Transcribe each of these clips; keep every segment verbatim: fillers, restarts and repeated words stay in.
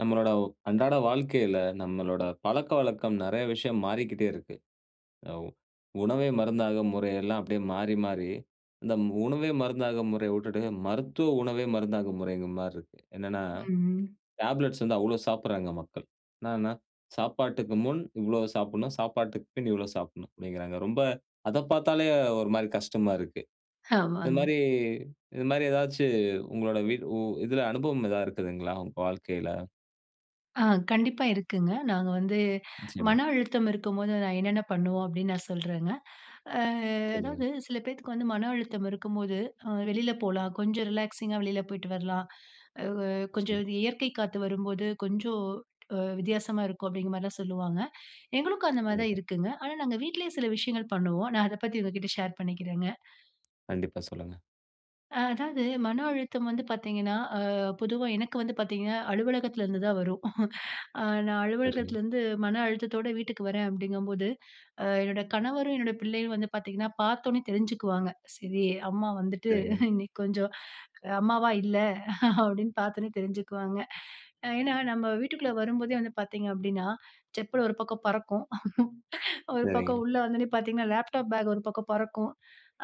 நம்மளோட அன்றாட வாழ்க்கையில, நம்மளோட பழக்கவழக்கம் நிறைய விஷயம் மாறிக்கிட்டே இருக்கு. ஆ உணவே மருந்தாகும் முறை எல்லாம் அப்டியே மாறி, மாறி. இந்த உணவே மருந்தாகும் முறைய உட்டுட்டு, மருத்துவ உணவே மருந்தாகும் முறைங்கிற மாரி இருக்கு. என்னனா, ம்ஹ்ம். டேப்லெட்ஸ் வந்து அவ்ளோ சாப்பட்றாங்க மக்கள். என்னானா, சாப்பாட்டுக்கு முன் இவ்ளோ சாப்பட்ணும். சாப்பாட்டுக்கு பின் இவ்ளோ சாப்பட்னும் அப்டிங்குறாங்க. ரொம்ப அத பார்த்தாலே ஒரு மாரி கஷ்டமா இருக்கு. இந்த ஆமாங்க. மாரி இந்த மாரி ஏதாச்சு உங்களுடைய உ இதுல அனுபவம் ஏதா இருக்குதுங்களா, உங்க வாழ்க்கையில? ஆ. கண்டிப்பா இருக்குங்க. நாங்க வந்து நிச்சயமா. மன அழுத்தம் இருக்கும்போது, நான் என்னென்ன பண்ணுவோம் அப்டின்னு நான் சொல்றேங்க. அ. சொல்லுங்க. அதாவது சில பேத்துக்கு வந்து மன அழுத்தம் இருக்கும்போது. ஆ வெளில போலாம். கொஞ்சம் ரிலாக்ஸிங்கா வெளில போயிட்டு வரலாம். அ. கொஞ்சம் நிச்சயமா. அந்த இயற்கை காத்து வரும்போது, கொஞ்சம் அ வித்தியாசமா இருக்கும் அப்டிங்கிற மாரிதான் சொல்லுவாங்க. எங்களுக்கும் அந்த மாரி தான் கண்டிப்பா. இருக்குங்க. ஆனா, நாங்க வீட்லேயே சில விஷயங்கள் பண்ணுவோம். நான் அத பத்தி உங்ககிட்ட ஷேர் பண்ணிக்கிறங்க. கண்டிப்பா. சொல்லுங்க. ஆ. அதாவது மன அழுத்தம் வந்து பார்த்தீங்கன்னா, ஆ பொதுவா எனக்கு வந்து பார்த்தீங்கன்னா அலுவலகத்திலருந்து தான் வரும். ஆ. நான் சரிங்க. அலுவலகத்திலருந்து மன அழுத்தத்தோட வீட்டுக்கு வரேன் அப்டிங்கும்போது. அ என்னோட கணவரும், என்னோட பிள்ளையும் வந்து பார்த்தீங்கன்னா பார்த்தோன தெரிஞ்சுக்குவாங்க ."சரி அம்மா வந்துட்டு சரிங்க. இன்னைக்கு கொஞ்சம் அம்மாவா இல்ல." அப்டின்னு பார்த்தோனே தெரிஞ்சுக்குவாங்க. அ ஏனா, நம்ம வீட்டுக்குள்ள வரும்போதே வந்து பார்த்தீங்க அப்டின்னா செப்பல் ஒரு பக்கம் பறக்கும். ஒரு சரிங்க. பக்கம் உள்ள வந்தோன பார்த்தீங்கன்னா லேப்டாப் பேக் ஒரு பக்கம் பறக்கும்.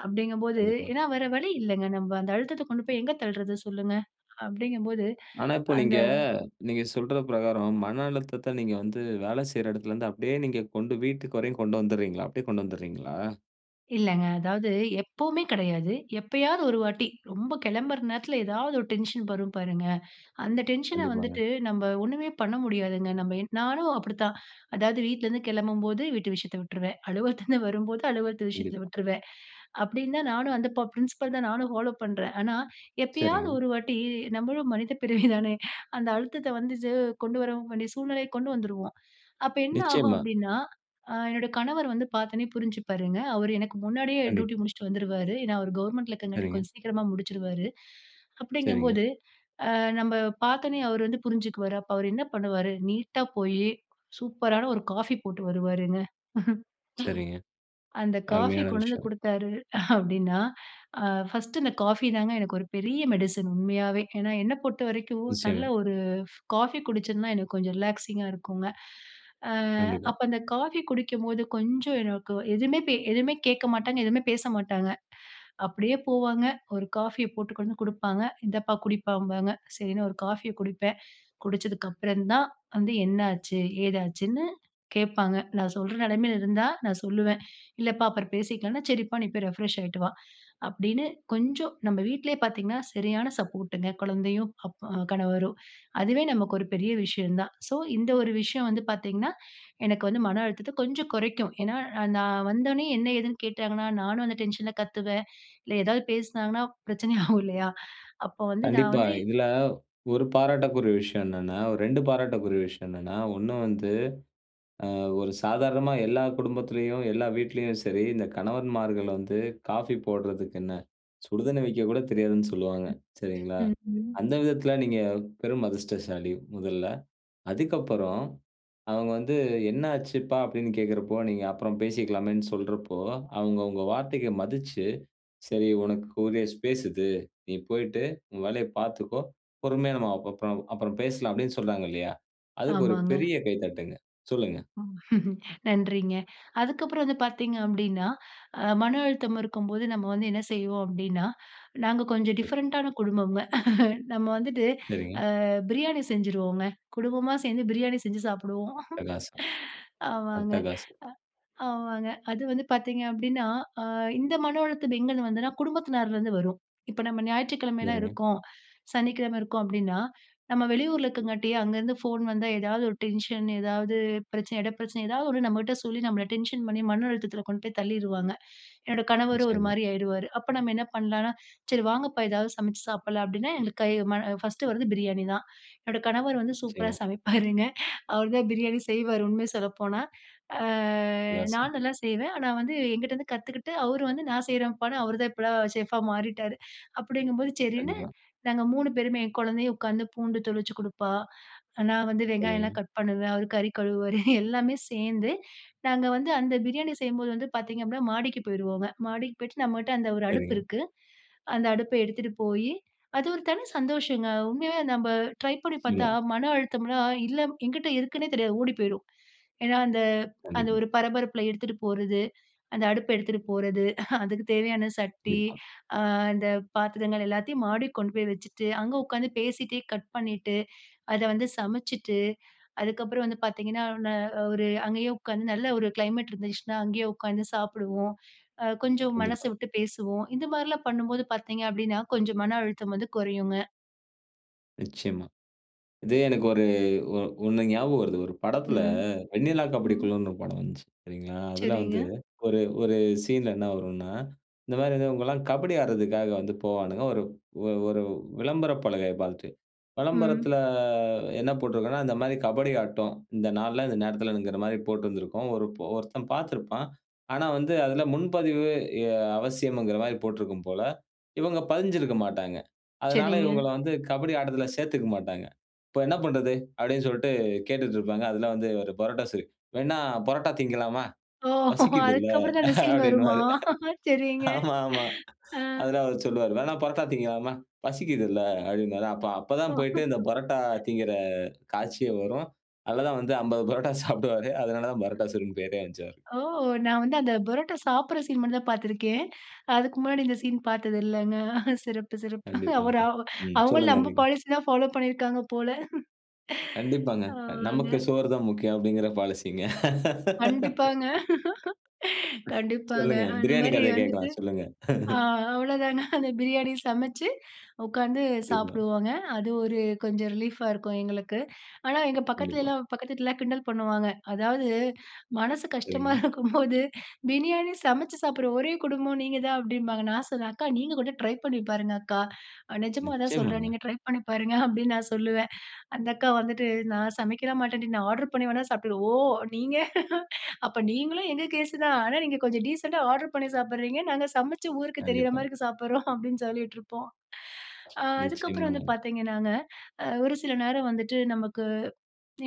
அப்டிங்கும் போது கண்டிப்பா. ஏனா, வேற வழி இல்லங்க. நம்ப அந்த அழுத்தத்த கொண்டு போய் எங்க தள்றது சொல்லுங்க. அப்டிங்கும் போது ஆனா, இப்போ அந்த நீங்க நீங்க சொல்ற பிரகாரம் மன அழுத்தத்த நீங்க வந்து வேலை செய்ற இடத்துல இருந்து அப்டியே நீங்க கொண்டு வீட்டுக்கு வரைக்கும் கொண்டு வந்துட்றீங்களா? அப்டியே கொண்டு வந்துட்றீங்களா? இல்லங்க அதாவது எப்பவுமே கிடையாது, எப்பயாவது ஒரு வாட்டி ரொம்ப கிளம்புற நேரத்துல ஏதாவது ஒரு டென்ஷன் வரும் பாருங்க, அந்த டென்ஷன கண்டிப்பாங்க. வந்துட்டு நம்ப ஒண்ணுமே பண்ண முடியாதுங்க. நம்ம என் நானும் அப்டித்தான் அதாவது வீட்டுலருந்து கிளம்பும்போது வீட்டு விஷயத்த விட்ருவேன், அலுவலதுலருந்து வரும்போது அலுவலத்து விஷயத்த கண்டிப்பா. விட்ருவேன். அப்டின்னு தான் நானும் அந்த பப் பிரின்சிபல் தான் நானும் ஃபாலோ பண்றேன். ஆனா எப்பயாவது சரிங்க. ஒரு வாட்டி நம்மளும் மனித பிறவி தானே? அந்த அழுத்தத்த வந்தது கொண்டு வரவு வேண்டிய சூழ்நிலைய கொண்டு வந்துருவோம். அப்போ என்ன ஆகும் நிச்சயமா. அப்டின்னா, ஆ என்னுடைய கணவர் வந்து பாத்தொனே புரிஞ்சு பாருங்க. அவரு எனக்கு முன்னாடியே டியூட்டி கண்டிப்பா. முடிச்சுட்டு வந்துருவாரு. ஏன்னா அவரு கவர்ன்மென்ட்ல இருக்குறனாடிக்கும் சரிங்க. கொஞ்சம் சீக்கிரமா முடிச்சுருவாரு. அப்டிங்கும் சரிங்க. போது நம்ம பாத்தொனே அவர் வந்து புரிஞ்சுக்குவாரு. அப்போ அவர் என்ன பண்ணுவாரு? நீட்டா போய் சூப்பரான ஒரு காஃபி போட்டு வருவாருங்க. சரிங்க. அந்த காஃபி அருமையான கொண்டு வந்து விஷயம். குடுத்தாரு அப்டின்னா, ஆ பர்ஸ்ட் இந்த காஃபி தாங்க எனக்கு ஒரு பெரிய மெடிசின் உண்மயாவே. ஏன்னா என்ன பொறுத்த வரைக்கும் நல்ல நிச்சயமா. ஒரு காஃபி குடிச்சன்னா எனக்கு கொஞ்சம் ரிலாக்ஸிங்கா இருக்கும்ங்க. ஆ கண்டிப்பா. அப்போ அந்த காஃபி குடிக்கும்போது கொஞ்சம் எனக்கு எதுவுமே பே எதுவுமே கேட்க மாட்டாங்க, எதுவுமே பேச மாட்டாங்க. அப்டியே போவாங்க. ஒரு காஃபிய போட்டு கொண்டு வந்து கு டுப்பாங்க. இந்தப்பா குடிப்பாம்பாங்க. சரினு ஒரு காஃபிய குடிப்பேன். குடிச்சதுக்கப்புறம் தான் வந்து, என்ன ஆச்சு? ஏதாச்சுனு கேட்பாங்க. நான் சொல்ற நெலமைல இருந்தா நான் சொல்லுவன். இல்லப்பா அப்புறம் பேசிக்கலாம்னா, சரிப்பா நீ போய் ரிப்ரெஷ் ஆகீட்டு வா, அப்டின்னு கொஞ்சம் நம் வீட்லையே பாத்திங்கன்னா சரியான சப்போர்டுங்க குழந்தையும், அப் கணவரும். அதுவே நமக்கு ஒரு பெரிய விஷயம் தான். ஸோ இந்த ஒரு விஷயம் வந்து பாத்தீங்கன்னா எனக்கு வந்து மன அழுத்தத்த கொஞ்சம் குறைக்கும். ஏன்னா நான் வந்தொன்னே என்ன? ஏதுன்னு கேட்டாங்கன்னா, நானும் அந்த டென்ஷன்ல கத்துவேன், இல்ல எதாவது பேசினாங்கனா பிரச்சன ஆகும் இல்லையா? அப்போ வந்து நான் கண்டிப்பா வந்து இதுல ஒரு பாராட்டக்குரிய விஷயம் என்னென்னா ரெண்டு பாராட்டக்குரிய விஷயம் என்னென்னா, ஒண்ணு வந்து ஆ ஒரு சாதாரணமா எல்லா குடும்பத்துலயும், எல்லா வீட்லையும் சரி, இந்த கணவன்மார்கள் வந்து காஃபி போடுறதுக்கு என்ன, சுடுதண்ணி வெக்கக்கூட தெரியாதுன்னு சொல்வாங்க. சரிங்களா? ம், ம். அந்த விதத்துல நீங்க பெரும் அதிர்ஷ்டசாலி முதல்ல. அதுக்கப்புறம், அவங்க வந்து என்ன ஆச்சுப்பா? அப்டின்னு கேட்குறப்போ, நீங்க அப்புறம் பேசிக்கலாமேனு சொல்றப்போ, அவங்க உங்க வார்த்தைக்கு மதிச்சு, சரி உனக்குரிய ஸ்பேஸ் இது. நீ போய்ட்டு உன் வேலய பாத்துக்கோ. பொறுமையா நம்ம அப்புறம் பா அப்புறம் பேசலாமே சொன்னாங்கலையா, அதுக்கு ஒரு ஆமாங்க. பெரிய கைத்தட்டுங்க. சொல்லுங்க. நன்றிங்க. அதுக்கப்புறம் அது பாத்தீங்க அப்டின்னா, அ மன அழுத்தம் இருக்கும்போது நம்ம வந்து என்ன செய்வோம் அப்டின்னா, நாங்க கொஞ்சம் கண்டிப் டிஃபரண்டான குடும்பம்ங்க. நம்ம வந்துட்டு சரிங்க. அ பிரியாணி செஞ்சுருவோங்க. குடும்பமா சேந்து பிரியாணி செஞ்சு சாப்டுவோம். அட்டகாசம்! ஆமாங்க அட்டகாசம்! அ ஆமாங்க, அது வந்து பாத்தீங்க அப்படின்னா, அ இந்த மன அழுத்தம் எங்கேந்து வந்ததுன்னா குடும்பத்தினார்லருந்து வரும், இப்போ நம்ம ஞாயிற்றுக்கிழமலாம் சரிங்க. இருக்கோம், சனிக்கிழமை இருக்கோம் அப்படின்னா, நம்ம வெளியூர்ல இருக்கங்காட்டி, அங்கருந்து ஃபோன் வந்தா ஏதாவது ஒரு டென்ஷன் ஏதாவது பிரச்சன, இட பிரச்சன, எதாவது ஒண்ணு நம்மகிட்ட சொல்லி நம்மள டென்ஷன் பண்ணி மன அழுத்தத்துல கொண்டு போய் தள்ளிருவாங்க. என்னோட கணவரும் ஒரு நிச்சயமா. மாரி ஆகிடுவாரு. அப்ப நம்ம என்ன பண்ணலாம்னா, சரி வாங்கப்பா! ஏதாவது சமைச்சு சாப்பலாம் அப்டின்னா எங்க கை, ம பர்ஸ்டு வந்து பிரியாணி தான். என்னுடைய கணவர் வந்து சூப்பரா நிச்சயமா. சமைப்பாருங்க. அவர் தான் பிரியாணி செய்வாரு உண்மய சொல்லப்போனா. ஆ, நான் காசம் நல்லா செய்வேன். ஆனா வந்து என்கிட்டருந்து கத்துக்கிட்டு அவர் வந்து நான் செய்றேன்பா, அவரு தான் இப்பலாம் சேஃப்பா மாறிட்டாரு அப்டிங்கும்போது சரின்னு கண்டிப்பா. நாங்க மூணு பேருமே என் குழந்தையும் உட்காந்து பூண்டு தொளிச்சு கொடுப்பா, நான் வந்து சரிங்க. வெங்காயம்லாம் கட் பண்ணுவேன், அவரு கறி கழுவுவாரு. எல்லாமே சேந்து நாங்க வந்து அந்த பிரியாணி செய்யும்போது வந்து பாத்தீங்க அப்படின்னா, மாடிக்கு போயிருவோங்க. மாடிக்கு போய்ட்டு நம்மகிட்ட அந்த ஒரு அடுப்பு சரிங்க. இருக்கு, அந்த அடுப்ப எடுத்துட்டு போயி, அது ஒரு தனி சந்தோஷங்க உண்மயாவே நம்ப ட்ரை பண்ணி பாத்தா நிச்சயமா. மன அழுத்தம்லாம் இல்ல என்கிட்டு இருக்குன்னே தெரியாது ஓடிப்போய்ரும். ஏன்னா அந்த அந்த கண்டிப்பா. ஒரு பரபரப்புல எடுத்துட்டு போறது, அந்த அடுப்ப எடுத்துட்டு போறது, அதுக்கு தேவையான சட்டி, கண்டிப்பா. ஆ இந்த பாத்திரங்கள் எல்லாத்தையும் மாடிக்கு கொண்டு போய் வச்சுட்டு, அங்க உக்காந்து பேசிட்டே கட் பண்ணிட்டு, அத வந்து சமைச்சுட்டு, அதுக்கப்புறம் வந்து பாத்தீங்கன்னா, நா நா ஒரு அங்கேயே உக்காந்து நல்ல ஒரு கிளைமெட் இருந்துச்சுனா அங்கேயே உட்காந்து சாப்பிடுவோம், அ கொஞ்சம் மனசு கண்டிப்பா. விட்டு பேசுவோம் இது மாரிலாம் பண்ணும்போது பாத்தீங்க அப்டின்னா, கொஞ்சம் மன அழுத்தம் வந்து குறையுங்க. நிச்சயமா. இது எனக்கு ஒரு ஒ ஒண்ணு ஞாபகம் வருது. ஒரு படத்தில ம். வெண்ணிலா கபடி ம். குழுன்னு ஒரு படம் வந்துச்சு. சரிங்களா? அதில வந்து சரிங்க. ஒரு, ஒரு சீன்ல என்ன வரும்னா, இந்த மாரி வந்து இவங்கயெல்லாம் கபடி ஆட்றதுக்காக வந்து போவாணுங்க, ஒரு ஒரு விளம்பர பலகை பாத்துட்டு. விளம்பரத்தில ம். என்ன போட்டிருக்கோம்னா, இந்த மாரி கபடி ஆட்டம். இந்த நாள்ல, இந்த நேரத்திலங்க மாரி போட்டிருந்திருக்கும். ஒருப் ஒருத்தன் பார்த்திருப்பான். ஆனா வந்து, அதில முன்பதிவு எ அவசியம் இங்கர மாரி போட்டிருக்கும் போல. இவங்க பதிஞ்சிருக்க மாட்டாங்க. அதனால சரிங்க. இவங்களா வந்து கபடி ஆட்டத்தில சேர்த்துக்க மட்டாங்க. இப்போ என்ன பண்றது, அப்டின்னு சொல்லிட்டு கேட்டுக்கிட்டு இருப்பாங்க. அதில வந்து இவரு பரோட்டா சூரி, வேன்ன பரோட்டா திங்கலாமா, ஒ! பசிக்குதில, அதுக்கப்புறம் தான் அந்த சீன் வருமா? அப்டினுவாறு. சரிங்க. ஆமா, ஆமா. ஆ. அதில அவர் சொல்லுவார். வேணா பரோட்டா திங்கலாமா? பசிக்குதில. அப்டியென்பார். அப்ப ஒ. அப்பதான் போயிட்டு, இந்த பரோட்டா திங்கிற காட்சியே வரும். அதில தான் வந்து அம்பது பரோட்டா சாப்பிடுவாரு அதனால தான் பரோட்டா சூரின்னு பெயரே வந்துச்சு அவருக்கு. ஓ! நான் வந்து அந்த பரோட்டா சாப்டற சீன் மட்டும் தான் பார்த்திருக்கேன். அதுக்கு முன்னாடி இந்த சீன் பார்த்தது இல்லங்க. சிறப்பு, சிறப்பு. கண்டிப்பாங்க. அவரு அவ் ம் அவங்களும் சொல்லுங்க நம்ம நீங்க. பாலிசி தான் பாலோ பண்ணியிருக்காங்க போல. கண்டிப்பாங்க. க ஆமாங்க. நமக்கு சோறு தான் முக்கியம் அப்டிங்கற பாலிசிங்க. கண்டிப்பாங்க. கண்டிப்பாங்க. சொல்லுங்க, அந்த பிரியாணி மாரி கதைய வந்துட்டு கேட்கலாம். சொல்லுங்க. ஆ அவ்வளோதானா அந்த பிரியாணி சமைச்சு உட்காந்து கண்டிப்பா. சாப்பிடுவாங்க. அது ஒரு கொஞ்சம் ரிலீஃப்பா இருக்கும், எங்களுக்கு. ஆனா எங்க கண்டிப்பா. பக்கத்திலயெல்லாம், பக்கத்து வீட்ல எல்லாம் கிண்டல் பண்ணுவாங்க. அதாவது, மனசு கஷ்டமா சரிங்க. இருக்கும்போது பிரியாணி சமைச்சு சாப்பிடுற ஒரே குடும்பம் நீங்க தான் அப்டின்பாங்க. நான் சொல்லுவேன், "அக்கா நீங்க கூட ட்ரை பண்ணி பாருங்க அக்கா, அ நிஜமா தான் சொல்றேன் நிச்சயமாங்க. நீங்க ட்ரை பண்ணி பாருங்க அப்டின்னு நான் சொல்லுவேன்." அந்த அக்கா வந்துட்டு, நான் சமைக்கலாம் மாட்டேன்டி நான் ஆர்டர் பண்ணி வேணா சாப்பிட்டுவேன். ஓ! நீங்க, அப்ப நீங்களும் எங்க கேஸ் தான். ஆனா நீங்க கொஞ்சம் டீசென்ட்டா ஆர்டர் பண்ணி சாப்பிடுறீங்க. நாங்க சமைச்சு, ஊருக்கு தெரிகிற கண்டிப்பா. மாரி இருக்கு சாப்பிடுறோம் அப்டின்னு சொல்லிடிருப்போம். ஆ அதுக்கப்புறம் வந்து நிச்சயமாங்க. பார்த்தீங்கனாங்க, ஆ ஒரு சில நேரம் வந்துட்டு நமக்கு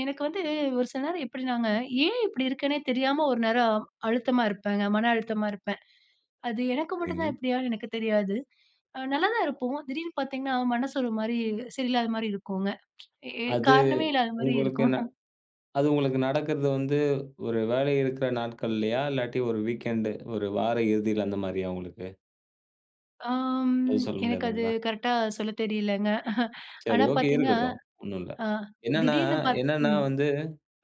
எனக்கு வந்து ஒரு சில நேரம் எப்டினாங்க, ஏன் இப்படி இருக்கேன்னே தெரியாம ஒரு நேரம் அழுத்தமா இருப்பேங்க, மன அழுத்தமா இருப்பேன். அது எனக்கு மட்டும் தான் சரிங்க. இப்டியான்னு எனக்கு தெரியாது. நல்லாதான் இருப்போம். திடீருன்னு பார்த்தீங்கனா மனசு ஒரு மாரி சரியில்லாத மாரி இருக்குங்க. எ ஏ அது, காரணமே இல்லாத மாரி இருக்கும் உங்களுக்குனா அது உங்களுக்கு நடக்கிறது வந்து ஒரு வேலை இருக்கிற நாட்கள்லயா? இல்லாட்டி ஒரு வீக்கெண்டு, ஒரு வார இறுதியில அந்த மாரியா உங்களுக்கு, அம் எதும் சொல்ல எனக்கு அது முடியாதுங்களா? கரெக்டா சொல்லத் தெரியல்லங்க. சரி ஆனா, ஓகே, பாத்தீங்க இருக்கட்டும். ஒண்ணும் இல்ல. அ என்னனா திடீர்னு பா என்னனா ம். வந்து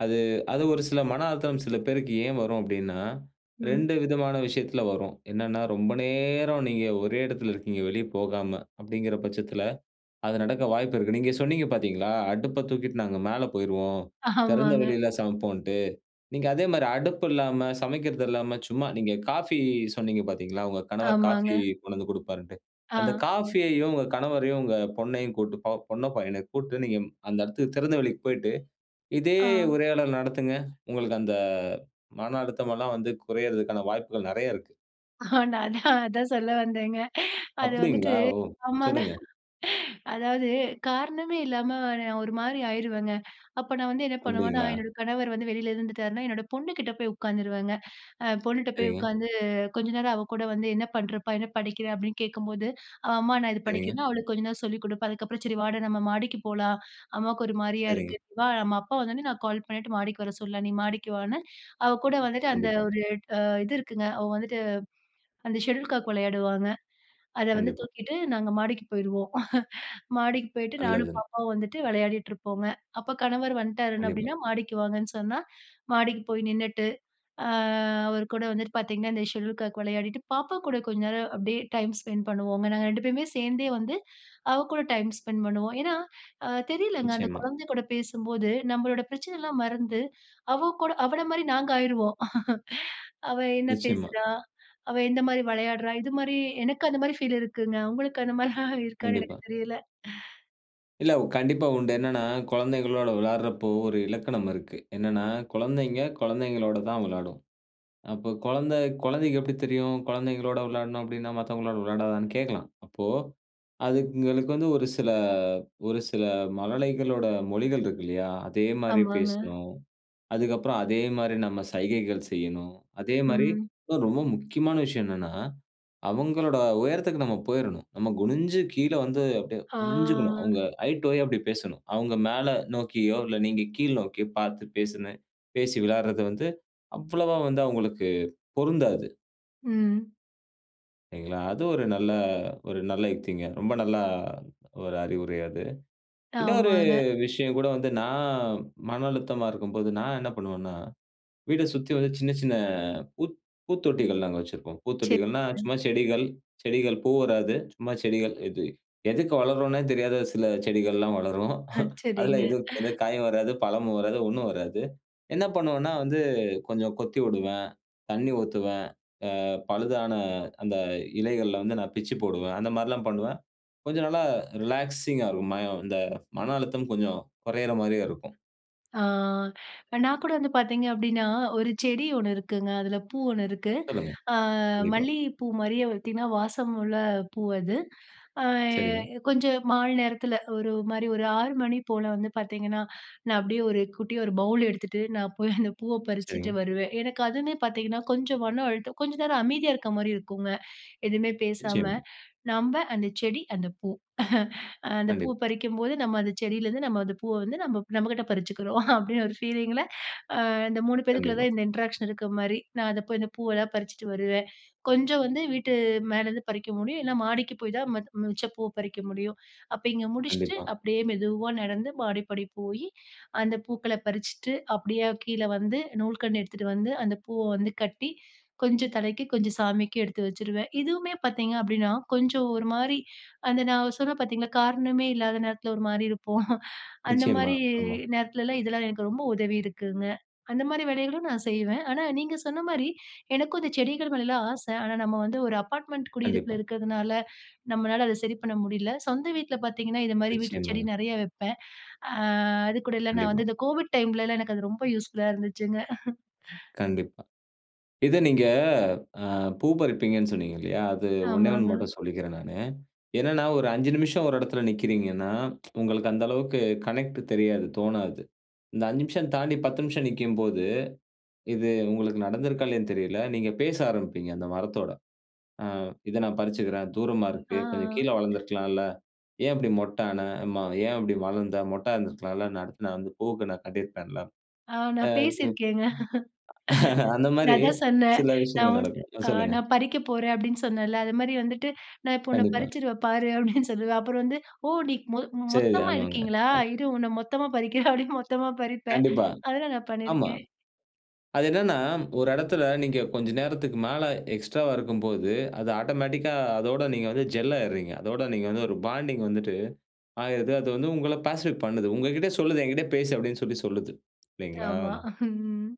அது அது ஒரு சில மன அழுத்தம் சில பேருக்கு ஏன் வரும் அப்டீன்னா, ம். ரெண்டு விதமான விஷயத்துல வரும். என்னனா, ரொம்ப நேரம் நீங்க ஒரே இடத்துல இருக்கிறீங்க. வெளியே போகாம அப்டீங்குற பட்சத்துல அது நடக்க வாய்ப்பு இருக்கு. நீங்க சொன்னீங்க பாத்தீங்களா? அடுப்ப தூக்கிட்டு நாங்க மேல போயிருவோம். திறந்த ஆமாங்க. வெளியில சமைப்போம்னுட்டு. நீங்க அதே மாரி அடுப்பு இல்லாம, சமைக்குறது இல்லாம சும்மா நீங்க காஃபி சொன்னீங்க பாத்தீங்களா? உங்க கணவர் காஃபி ஆமாங்க. கொண்டு வந்து குடுப்பாருனுட்டு. அந்த ஆ. காஃபியையும் உங்க கணவரையும், உங்க பொண்ணையும் கூட்டு பொண்ண பையன கூட்டு நீங்க அந்த இடத்துக்கு திறந்தவெளிக்கு போயிட்டு, இதே ஆ. உரையாள நடத்துங்க. உங்களுக்கு அந்த மன அழுத்தம் எல்லாம் வந்து குறையறதுக்கான வாய்ப்புகள் நெறைய இருக்கு. ஆ அதான் அதான் சொல்ல வந்தேங்க. அது வந்துட்டு அப்படிங்களா? ஓ! ஆமாங்க சொல்லுங்க. அதாவது காரணமே இல்லாம நான் ஒரு மாதிரி ஆயிருவேங்க. அப்ப நான் வந்து என்ன பண்ணுவேன்னா, அப்படிங்களா? என்னோட கணவர் வந்து வெளில இருந்துட்டாருன்னா, என்னோட பொண்ணுகிட்ட போய் உட்காந்துருவேங்க. அ பொண்ணுகிட்ட போய் சரிங்க. உட்காந்து கொஞ்ச நேரம் அவ கூட வந்து என்ன பண்றப்பா? என்ன படிக்குறே? அப்டீன்னு கேட்கும்போது, "அம்மா நான் இத சரிங்க. படிக்குறேனா" அவளுக்கு கொஞ்ச நேரம் சொல்லி குடுப்பேன். அதுக்கப்புறம் 'சரி, வாடா நம்ப மாடிக்கு போலாம். அம்மாவுக்கு ஒரு மாதிரியா சரிங்க. இருக்கு, நீ வா நம்ப அப்பா வந்த உடனே நான் கால் பண்ணிட்டு மாடிக்கு வர சொல்லலாம். நீ மாடிக்கு வான்னு.' அவ கூட வந்துட்டு, அந்த கண்டிப்பா. ஒரு அ இது இருக்குங்க. அவ வந்துட்டு அந்த ஷெட்யூல் காக் விளையாடுவாங்க. அத வந்து கண்டிப்பா. தூக்கிட்டு நாங்க மாடிக்கு போயிடுவோம். மாடிக்கு போயிட்டு நானும், நல்லது. பாப்பாவும் வந்துட்டு விளையாடிட்டு இருப்போங்க. அப்ப கணவர் வந்துட்டாருன்னு கண்டிப்பா. அப்டீன்னா 'மாடிக்கு வாங்கன்னு' சொன்னா மாடிக்கு போய் நின்னுட்டு, அ அவர் கூட வந்துட்டு பாத்தீங்கன்னா, இந்த ஷெட்யூல் காக் விளையாடிட்டு பாப்பா கூட கொஞ்ச நேரம் அப்படியே டைம் ஸ்பென்ட் பண்ணுவோங்க. நாங்க ரெண்டு பேருமே சேர்ந்தே வந்து அவ கூட டைம் ஸ்பெண்ட் பண்ணுவோம். ஏன்னா, அ தெரியலங்க. அந்த நிச்சயமா. குழந்தை கூட பேசும்போது நம்பளோட பிரச்சனைலாம் மறந்து அவ கூட அவள மாதிரி நாங்க ஆயிடுவோம். அவ என்ன நிச்சயமா. பேசுறா? அவ எந்த மாதிரி விளையாடுறா? இது மாதிரி எனக்கு அந்த மாதிரி ஃபீல் இருக்குங்க. உங்களுக்கு அந்த மாதிரி எல்லாம் இருக்கானு எனக்கு கண்டிப்பா. தெரியல்ல. இல்ல கண்டிப்பா உண்டு. என்னென்னா, குழந்தைகளோட விளையாடுறப்போ, ஒரு இலக்கணம் இருக்கு. என்னன்னா, குழந்தைங்க குழந்தைங்களோட தான் விளையாடும். அப்ப குழந்த குழந்தைக்கு எப்டி தெரியும்? குழந்தைங்களோட விளையாடணும் அப்டின்னா மத்தவங்களோட விளையாடாதான்னு கேட்கலாம். அப்போ அதுங்களுக்கு வந்து ஒரு சில ஒரு சில மழலைகளோட மொழிகள் இருக்கு இல்லயா! அதே மாரி ஆமாங்க. பேசணும். அதுக்கு அப்பறம் அதேமாரி நம்ம சைகைகள் செய்ணும். அதேமாரி ம். ஒ ரொம்ப முக்கியமான விஷயம் என்னன்னா, அவுங்களோட உயரத்துக்கு நம்ம போயிரணும். நம்ம குனிஞ்சு கீழ வந்து அப்டியே குனிஞ்சிக்கணும். ஆ அவுங்க ஐ டூ ஐ அப்டி பேசணும். அவுங்க மேல நோக்கியோ! இல்ல நீங்க கீழ் நோக்கியோ! பார்த்து பேசுன பேசி விளையாட்றது வந்து அவ்வளவா வந்து அவுங்களுக்கு பொருந்தாது. ம். சரிங்களா! அது ஒரு நல்ல ஒரு நல்ல யுக்திங்க. ரொம்ப நல்லா ஒரு அறிவுரை அது. இன்னொரு ஆமாங்க. விஷயம் கூட வந்து நான் மன அழுத்தமா இருக்கும்போது நான் என்ன பண்ணுவன்னா, வீட்ட சுத்தி வந்து சின்ன சின்ன அ பூ பூத்தொட்டிகள் நாங்க வச்சிருப்போம். சரிங்க. பூத்தொட்டிகள்னா, சும்மா செடிகள், செடிகள் பூ வராது. சும்மா செடிகள் இது எதுக்கு வளர்றோன்னே தெரியாத சில செடிகள்லாம் வளரும் அ, அதில சரிங்க எதும் இருக்காது காயும் வராது. பழமும் வராது. ஒண்ணும் வராது. என்ன பண்ணுவேன்னா, வந்து கொஞ்சம் கொத்தி வுடுவேன், தண்ணி ஊத்துவேன். அ பழுதான அந்த இலைகள வந்து நான் பிச்சு போடுவேன். அந்தமாரிலாம் பண்ணுவேன். கொஞ்சம் நல்லா ரிலாக்ஸிங்கா இருக்கும். மயம் இந்த மன அழுத்தம் கொஞ்சம் குறையிற மாரியா இருக்கும். ஆ நான் கூட வந்து பாத்தீங்க அப்பிடீன்னா, ஒரு செடி ஒண்ணு இருக்குங்க. அதுல பூ ஒண்ணு இருக்கு. சொல்லுங்க. அ கண்டிப்பா. மல்லிகை பூ மாரியே பாத்தீங்கன்னா, வாசம் உள்ள பூ அது. அ சரிங்க. கொஞ்சம் மாலை நேரத்துல ஒரு மாரி, ஒரு ஆறு மணி போல வந்து பாத்தீங்கன்னா, நான் அப்பிடியே ஒரு குட்டியா ஒரு பௌல் எடுத்துட்டு, நான் போய் அந்த பூவ பறிச்சுட்டு சரிங்க. வருவேன். எனக்கு அதுவுமே பாத்தீங்கன்னா, கொஞ்சம் மனம் அழுத்தம், கொஞ்சம் நேரம் அமைதியா இருக்க மாரி இருக்குங்க. எதுவுமே பேசாம, நிச்சயமா. நம்ப, அந்த செடி, அந்த பூ. அந்த பூவ கண்டிப்பா. பறிக்கும்போது நம்ம அந்த செடிலருந்து, நம்ம அந்த பூவ வந்து நம்ம நம்மகிட்ட பறிச்சுக்கிறோம். அப்பிடீன்னு ஒரு பீலிங்ல, அ இந்த மூணு பேருக்குள்ள கண்டிப்பா. தான் இந்த இன்ட்ராக்ஷன் இருக்க மாரி. நான் அத போய் இந்த பூவெல்லாம் பறிச்சுட்டு வருவேன். கொஞ்சம் வந்து வீட்டு மேலேருந்து பறிக்க முடியும். இல்ல மாடிக்கு போய் தான் ம மிச்சப் பூவை பறிக்க முடியும். அப்ப இங்க முடிச்சுட்டு, கண்டிப்பா. அப்பிடியே மெதுவா நடந்து, மாடிப்படி போயி, அந்த பூக்கள பறிச்சுட்டு, அப்பிடியே கீழ வந்து, நூல்கண்டு எடுத்துட்டு வந்து, அந்த பூவ வந்து கட்டி, கொஞ்சம் தலைக்கு, கொஞ்சம் சாமிக்கு எடுத்து வச்சுருவேன். இதுவுமே பாத்தீங்க அப்பிடீன்னா கொஞ்சம் ஒரு மாரி அந்த நான் சொன்னேன் பாத்தீங்களா, காரணமே இல்லாத நேரத்துல ஒரு மாரி இருப்போம். அந்த நிச்சயமா. மாரி ஆமா. நேரத்துலலாம், இதெல்லாம் எனக்கு ரொம்ப உதவிருக்குங்க. அந்த மாதிரி வேலைகளும் நான் செய்வேன். ஆனா, நீங்க சொன்ன மாரி, எனக்கும் இந்த செடிகள் மேலலாம் ஆசை. ஆனா, நம்ம வந்து ஒரு அப்பார்ட்மெண்ட் குடியிருப்புல கண்டிப்பா. இருக்கிறதுனால, நம்மளால அதை சரி பண்ண முடியல. சொந்த வீட்டுல பாத்தீங்கன்னா, இது மாரி வீட்டு செடி நிச்சயமாங்க. நெறைய வைப்பேன். ஆ அது கூட இல்ல, நான் கண்டிப்பா. வந்து இந்த கோவிட் டைம்லலாம் எனக்கு அது ரொம்ப யூஸ்ஃபுல்லா இருந்துச்சுங்க. கண்டிப்பா. இத நீங்க ஆ பூ பறிப்பீங்கன்னு சொன்னீங்க இல்லையா, அது ஒண்ணே ஒண்ணு ஆமாங்க. மட்டும் சொல்லிக்கிறேன் நானு. என்னன்னா, ஒரு அஞ்சு நிமிஷம் ஒரு இடத்துல நிக்கிறீங்கன்னா, உங்களுக்கு அந்த அளவுக்கு கனெக்ட் தெரியாது, தோணாது. இந்த அஞ்சு நிமிஷம் தாண்டி, பத்து நிமிஷம் நிற்கும்போது, இது உங்களுக்கு நடந்திருக்கா இல்லையான்னு தெரியலை. நீங்க பேச ஆரம்பிப்பீங்க, அந்த மரத்தோட. ஆ "இத நான் பறிச்சுக்கிறேன். தூரமா இருக்கு. ஆ. கொஞ்சம் கீழ வளர்ந்திருக்கலாம்ல. ஏன் இப்பிடி மொட்டு ஆன? ம ஏன் இப்பிடி வளர்ந்த? மொட்டா இருந்திருக்கலாம்ல. அடுத்து நான் வந்து பூக்கு நான் கட்டிருப்பேன்ல" ஆ நான் ஆ குப் பேசிருக்கேங்க. அந்த நான் மாரி அதான் சொன்னேன். சில "நான் விஷயங்கள் உன்ன நடக்கும். அ சொல்லுங்க. நான் பறிக்கப் போறேன்" அப்பிடீன்னு சொன்னேன்ல. அது மாரி வந்துட்டு, "நான் இப்போ உன்ன கண்டிப்பா. பறிச்சிருவேன் பாரு" அப்பிடீன்னு சொல்லுவேன். அப்புறம் வந்து "ஓ! நீ மொத் சரி, மொத்தமா ஆமாங்க. இருக்கீங்களா? கரெக்ட். இரு உன்ன மொத்தமா பறிக்கிறேன்" அப்டீன்னு மொத்தமா பறிப்பேன். கண்டிப்பா, அதெல்லாம் நான் ஆமா. பண்ணிருக்கேன். அது என்னென்னா ஒரு இடத்துல நீங்க கொஞ்ச நேரத்துக்கு மேல எக்ஸ்ட்ராவா இருக்கும்போது, அது ஆட்டோமேட்டிக்கா அதோட நீங்க வந்து ஜெல் ஆகிருறீங்க. அதோட நீங்க வந்து ஒரு பாண்டிங் வந்துட்டு ஆகிருது. அது வந்து உங்கள பேசிஃபிக் பண்ணுது. உங்ககிட்ட சொல்லுது, "என்கிட்டே பேசு" அப்பிடீன்னு சொல்லி சொல்லுது. இல்லைங்களா? ஆமா. ம்.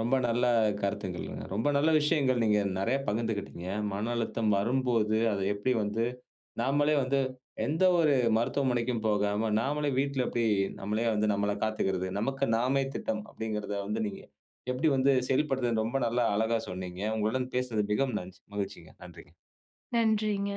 ரொம்ப நல்ல கருத்துகளுங்க. ரொம்ப நல்ல விஷயங்கள், நீங்க நிறைய பகிர்ந்துகிட்டீங்க. மன அழுத்தம் வரும்போது, அத எப்பிடி வந்து நாமலே வந்து, எந்த ஒரு மருத்துவமனைக்கும் போகாம, நாமலே வீட்ல எப்படி நம்மளே வந்து நம்மை காத்துக்கிறது. நமக்கு நாமே திட்டம். அப்பிடீங்கிறத வந்து நீங்க எப்படி வந்து செயல்படுத்துறதுனு ரொம்ப நல்ல அழகா சொன்னீங்க. உங்களுடன் பேசிறது மிகவும் நன்சி மகிழ்ச்சிங்க. நன்றிங்க. நன்றிங்க.